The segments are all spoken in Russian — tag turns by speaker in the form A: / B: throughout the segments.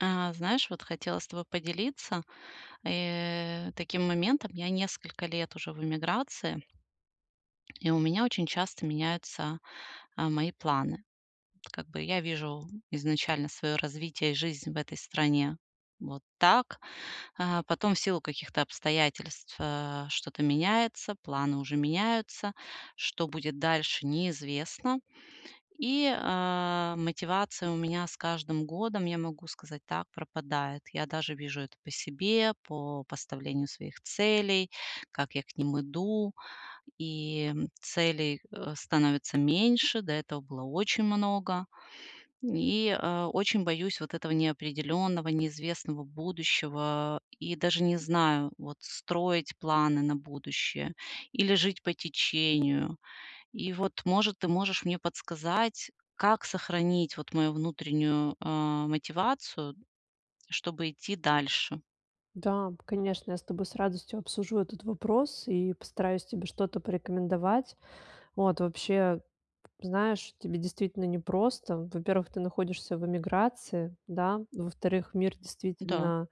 A: А, знаешь, вот хотела с тобой поделиться, э, таким моментом. Я несколько лет уже в эмиграции. И у меня очень часто меняются, а, мои планы. Как бы я вижу изначально своё развитие, жизнь в этой стране вот так, а, потом в силу каких-то обстоятельств, э, что-то меняется, планы уже меняются, что будет дальше- неизвестно. И, а, мотивация у меня с каждым годом, я могу сказать так- пропадает. Я даже вижу это по себе, по поставлению своих целей, как я к ним иду, и целей, э, становится меньше. До этого было очень много, и, э, очень боюсь вот этого неопределённого, неизвестного будущего. И даже не знаю, вот строить планы на будущее или жить по течению. И вот, может, ты можешь мне подсказать, как сохранить вот мою внутреннюю, э, мотивацию, чтобы идти дальше?
B: Да, конечно, я с тобой с радостью обсужу этот вопрос и постараюсь тебе что-то порекомендовать. Вот, вообще, знаешь, тебе действительно непросто. Во-первых, ты находишься в эмиграции, да? Во-вторых, мир
A: Да.
B: действительно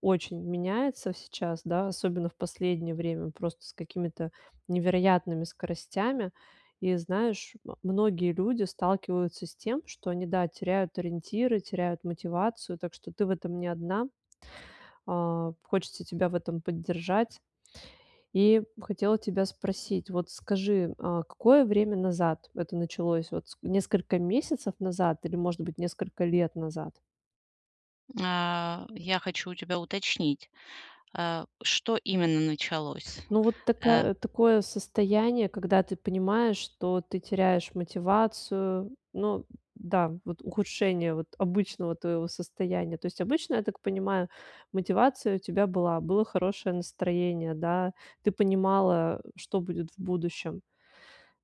B: очень меняется сейчас, да, особенно в последнее время, просто с какими-то невероятными скоростями. И, знаешь, многие люди сталкиваются с тем, что они, да, теряют ориентиры, теряют мотивацию. Так что ты в этом не одна. А, хочется тебя в этом поддержать. И хотела тебя спросить, вот скажи, а какое время назад это началось? Вот, с несколько месяцев назад или, может быть, несколько лет назад?
A: А, я хочу у тебя уточнить, а что именно началось?
B: Ну, вот
A: Э
B: такая такое состояние, когда ты понимаешь, что ты теряешь мотивацию. Ну да, вот ухудшение вот обычного твоего состояния. То есть обычно, я так понимаю, мотивация у тебя была, было хорошее настроение, да, ты понимала, что будет в будущем,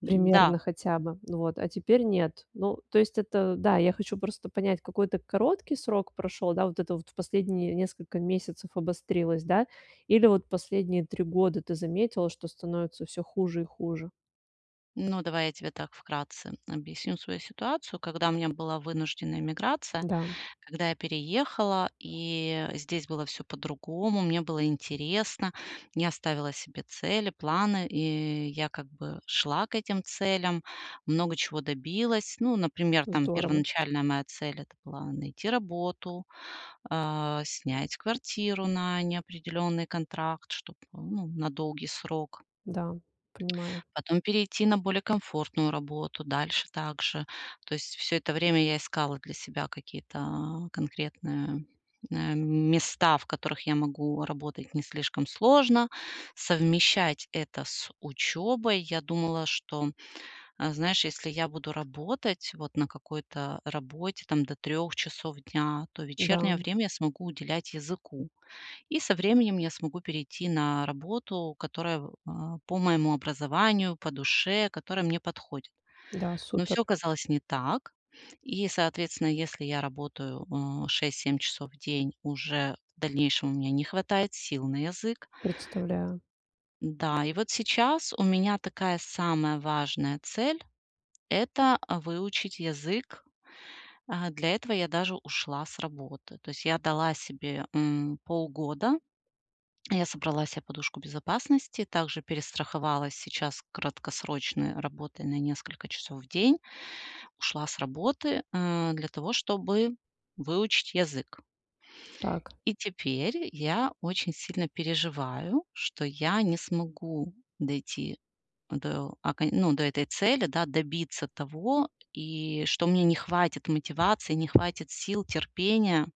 A: Н-да.
B: примерно хотя бы. Ну вот, а теперь нет. Ну, то есть это, да, я хочу просто понять, какой-то короткий срок прошёл, да? Вот это вот в последние несколько месяцев обострилось, да, или вот последние 3 года ты заметила, что становится всё хуже и хуже?
A: Ну, давай я тебе так вкратце объясню свою ситуацию. Когда у меня была вынужденная эмиграция,
B: Да.
A: когда я переехала, и здесь было всё по-другому. Мне было интересно, я ставила себе цели, планы, и я, как бы, шла к этим целям, много чего добилась. Ну, например, там,
B: Здорово.
A: первоначальная моя цель- это была найти работу, а, снять квартиру на неопределенный контракт, чтоб, ну, на долгий срок,
B: Да, понимаю.
A: потом перейти на более комфортную работу, дальше так же. То есть всё это время я искала для себя какие-то, а, конкретные, а, места, в которых я могу работать не слишком сложно, совмещать это с учёбой. Я думала, что, а, знаешь, если я буду работать вот на какой-то работе там до 3 часов дня, то вечернее
B: Да.
A: время я смогу уделять языку, и со временем я смогу перейти на работу, которая, а, по моему образованию, по душе, которая мне подходит.
B: Да,
A: Но
B: супер.
A: всё оказалось не так. И соответственно, если я работаю, а, 6-7 часов в день, уже в дальнейшем у меня не хватает сил на язык.
B: Представляю.
A: Да, и вот сейчас у меня такая самая важная цель- это выучить язык. А для этого я даже ушла с работы. То есть я дала себе, м, полгода. Я собрала се подушку безопасности, также перестраховалась сейчас краткосрочной работой на несколько часов в день. Ушла с работы, а, для того, чтобы выучить язык.
B: Как?
A: И теперь я очень сильно переживаю, что я не смогу дойти до окон ну, до этой цели, да, добиться того, и что мне не хватит мотивации, не хватит сил, терпения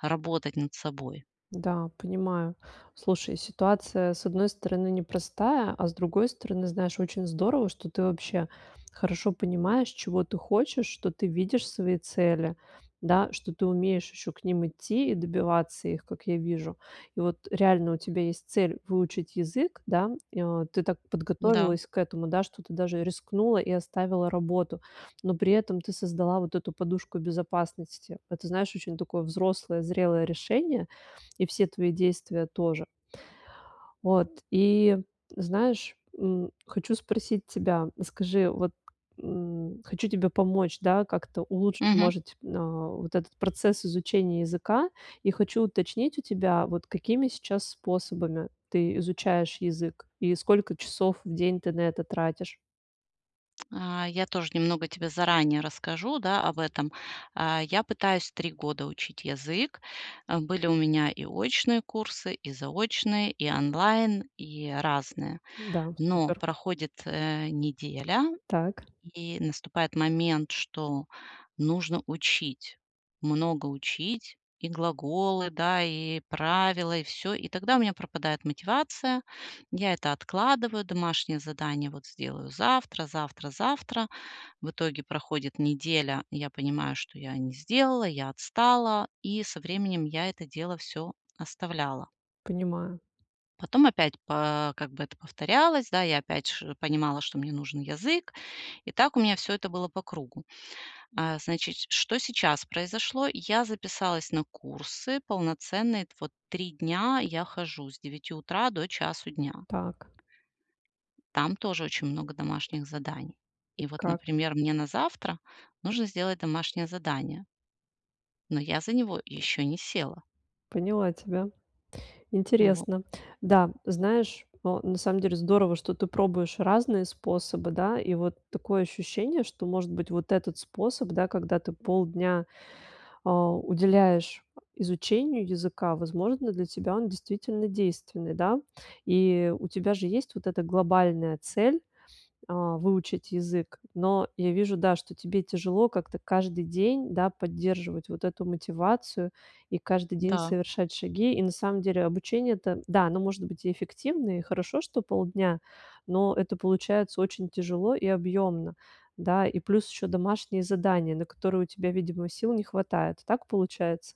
A: работать над собой.
B: Да, понимаю. Слушай, ситуация, с одной стороны, непростая, а с другой стороны, знаешь, очень здорово, что ты вообще хорошо понимаешь, чего ты хочешь, что ты видишь свои цели, да, что ты умеешь ещё к ним идти и добиваться их, как я вижу. И вот реально у тебя есть цель выучить язык, да, и, о, ты так
A: М-да.
B: подготовилась к этому, да, что ты даже рискнула и оставила работу. Но при этом ты создала вот эту подушку безопасности. Это, знаешь, очень такое взрослое, зрелое решение. И все твои действия тоже. Вот, и, знаешь, м, хочу спросить тебя, скажи, вот м хочу тебе помочь, да, как-то улучшить,
A: Мгм.
B: может, а, вот этот процесс изучения языка. И хочу уточнить у тебя, вот какими сейчас способами ты изучаешь язык и сколько часов в день ты на это тратишь?
A: А я тоже немного тебе заранее расскажу, да, об этом. А я пытаюсь 3 года учить язык. Э, были у меня и очные курсы, и заочные, и онлайн, и разные.
B: Н-да,
A: Но
B: супер.
A: проходит, э, неделя,
B: Так.
A: и наступает момент, что нужно учить, много учить и глаголы, да, и правила, и всё. И тогда у меня пропадает мотивация. Я это откладываю, домашнее задание, вот сделаю завтра завтра завтра. В итоге проходит неделя, я понимаю, что я не сделала, я отстала, и со временем я это дело всё оставляла.
B: Понимаю.
A: Потом опять по как бы это повторялось, да, я опять ши понимала, что мне нужен язык, и так у меня всё это было по кругу. А, значит, что сейчас произошло. Я записалась на курсы полноценные т Вот 3 дня я хожу с 9 утра до 1 дня.
B: Так.
A: Там тоже очень много домашних заданий.
B: И
A: И вот,
B: как?
A: например, мне на завтра нужно сделать домашнее задание. Но я за него ещё не села.
B: Поняла тебя.
A: Вот.
B: Интересно. Да, знаешь, ну, на самом деле здорово, что ты пробуешь разные способы, да. И вот такое ощущение, что, может быть, вот этот способ, да, когда ты полдня, а, уделяешь, изучению языка, возможно, для тебя он действительно действенный, да. И у тебя же есть вот эта глобальная цель, а, выучить язык. Но я вижу, да, что тебе тяжело как-то каждый день, да, поддерживать вот эту мотивацию и каждый день
A: Да.
B: совершать шаги. И на самом деле обучение это да, оно может быть и эффективное, и хорошо, что полдня, но это получается очень тяжело и объемно, да. И плюс ещё домашние задания, на которые у тебя, видимо, сил не хватает. Так получается?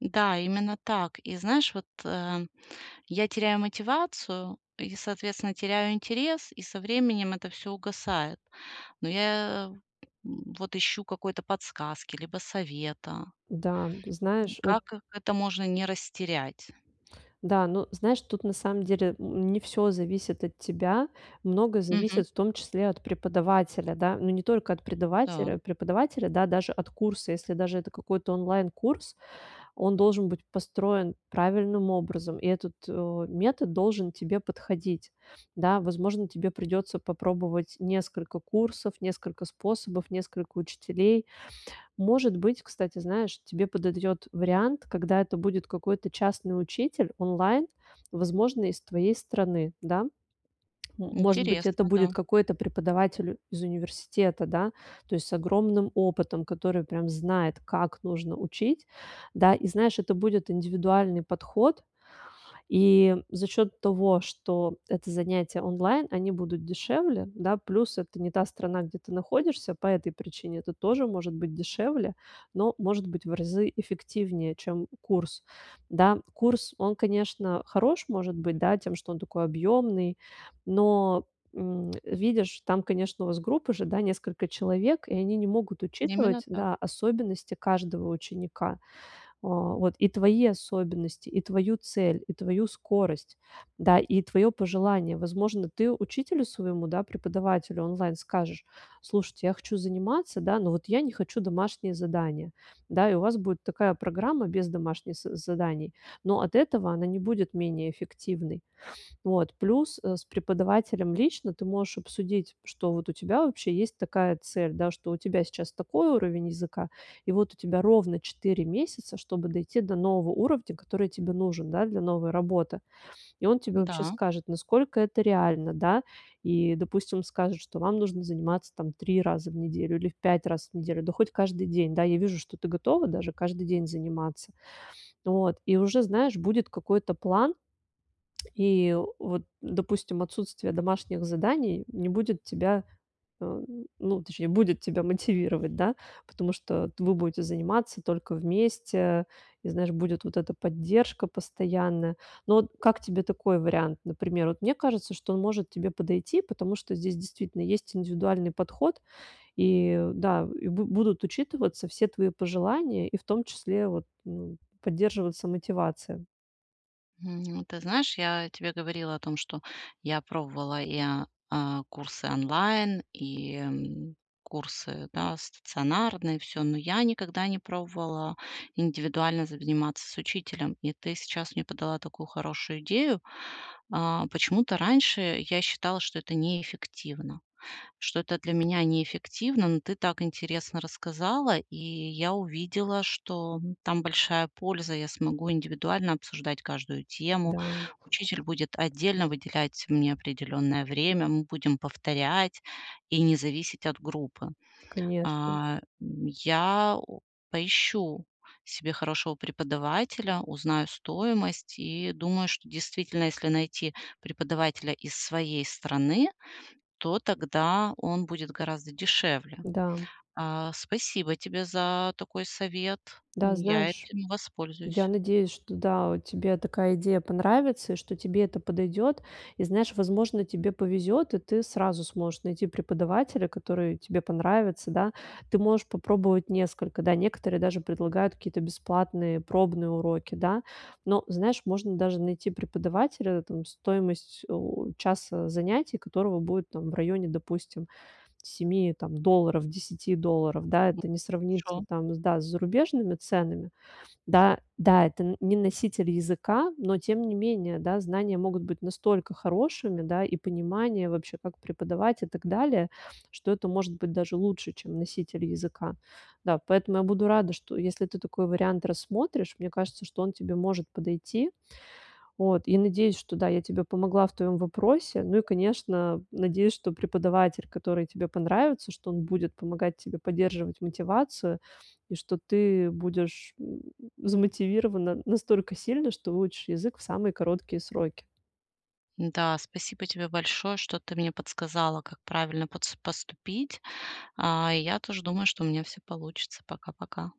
A: Да, именно так. И знаешь, вот, э, я теряю мотивацию и, соответственно, теряю интерес, и со временем это всё угасает. Но я, м, вот ищу какой-то подсказки либо совета
B: Да, ты
A: м,
B: знаешь, вот
A: как как это можно не растерять.
B: Да, ну, знаешь, тут на самом деле н не всё зависит от тебя. Много
A: Мгм.
B: зависит в том числе от преподавателя, да, но не только от
A: Та.
B: предавателя преподавателя, да, даже от курса, если даже это какой-то онлайн-курс, он должен быть построен правильным образом. И этот, э, метод должен тебе подходить. Да, возможно, тебе придётся попробовать несколько курсов, несколько способов, несколько учителей. Может быть, кстати, знаешь, тебе подойдет вариант, когда это будет какой-то частный учитель онлайн, возможно, из твоей страны, да. Может быть, это
A: Интересно,
B: будет
A: да.
B: какой-то преподаватель из университета, да. То есть с огромным опытом, который прям знает, как нужно учить, да, и, знаешь, это будет индивидуальный подход. И за счёт того, что это занятия онлайн, они будут дешевле, да, плюс это не та страна, где ты находишься, по этой причине это тоже может быть дешевле, но может быть в разы эффективнее, чем курс, да. Курс, он, конечно, хорош, может быть, да, тем, что он такой объемный, но, м, видишь, там, конечно, у вас группа же, да, несколько человек, и они не могут
A: Именно
B: учитывать,
A: так.
B: да, особенности каждого ученика: а, вот и твои особенности, и твою цель, и твою скорость, да, и твоё пожелание. Возможно, ты учителю своему, да, преподавателю онлайн скажешь: "Слушайте, я хочу заниматься, да, но вот я не хочу домашнее задание". Да, и у вас будет такая программа без домашних з заданий, но от этого она не будет менее эффективной. Вот, плюс, э, с преподавателем лично ты можешь обсудить, что вот у тебя вообще есть такая цель, да, что у тебя сейчас такой уровень языка. И вот у тебя ровно 4 месяца, чтобы дойти до нового уровня, который тебе нужен, да, для новой работы. И он тебе вообще
A: Да.
B: скажет, насколько это реально, да. И, допустим, он скажет, что вам нужно заниматься там 3 раза в неделю или в 5 раз в неделю, да хоть каждый день. Да, я вижу, что ты готова даже каждый день заниматься. Вот, и уже, знаешь, будет какой-то план. И вот, допустим, отсутствие домашних заданий не будет тебя, а, ну, точнее, будет тебя мотивировать, да, потому что т вы будете заниматься только вместе. И знаешь, будет вот эта поддержка постоянная. Ну вот как тебе такой вариант, например? Вот мне кажется, что он может тебе подойти, потому что здесь действительно есть индивидуальный подход, и да, и б будут учитываться все твои пожелания, и в том числе вот, ну, поддерживаться мотивация.
A: М, ты знаешь, я тебе говорила о том, что я пробовала и, а а курсы онлайн, и, м, курсы, да, стационарные, и всё, но я никогда не пробовала индивидуально заниматься с учителем, и ты сейчас мне подала такую хорошую идею. А, почему-то раньше я считала, что это неэффективно, что это для меня неэффективно. Но ты так интересно рассказала, и я увидела, что там большая польза: я смогу индивидуально обсуждать каждую тему,
B: Да.
A: учитель будет отдельно выделять мне определённое время, мы будем повторять и не зависеть от группы.
B: Конечно.
A: А, м, я, у поищу себе хорошего преподавателя, узнаю стоимость и думаю, что действительно, если найти преподавателя из своей страны, то тогда он будет гораздо дешевле.
B: Да.
A: А, спасибо тебе за такой совет,
B: Да,
A: ну, я
B: знаешь,
A: этим
B: я
A: воспользуюсь.
B: надеюсь, что, да, у тебе такая идея понравится и что тебе это подойдет. И знаешь, возможно, тебе повезет, и ты сразу сможешь найти преподавателя, который тебе понравится, да. Ты можешь попробовать несколько, да, некоторые даже предлагают какие-то бесплатные пробные уроки, да. Но знаешь, можно даже найти преподавателя, там стоимость, у, часа занятий у которого будет там в районе, допустим, 7 там долларов, 10 долларов, да,
A: М,
B: это не сравнится
A: шо
B: там, с да с зарубежными ценами. Да, да, это н не носитель языка, но тем не менее, да, знания могут быть настолько хорошими, да, и понимание вообще, как преподавать, и так далее, что это может быть даже лучше, чем носитель языка. Да, поэтому я буду рада, что если ты такой вариант рассмотришь, мне кажется, что он тебе может подойти, вот. И надеюсь, что, да, я тебе помогла в твоем вопросе. Ну и, конечно, надеюсь, что преподаватель, который тебе понравится, что он будет помогать тебе поддерживать мотивацию, и что ты будешь, м, замотивирована настолько сильно, что выучишь язык в самые короткие сроки.
A: М-да, спасибо тебе большое, что ты мне подсказала, как правильно подс поступить. А, и я тоже думаю, что у меня всё получится. Пока пока.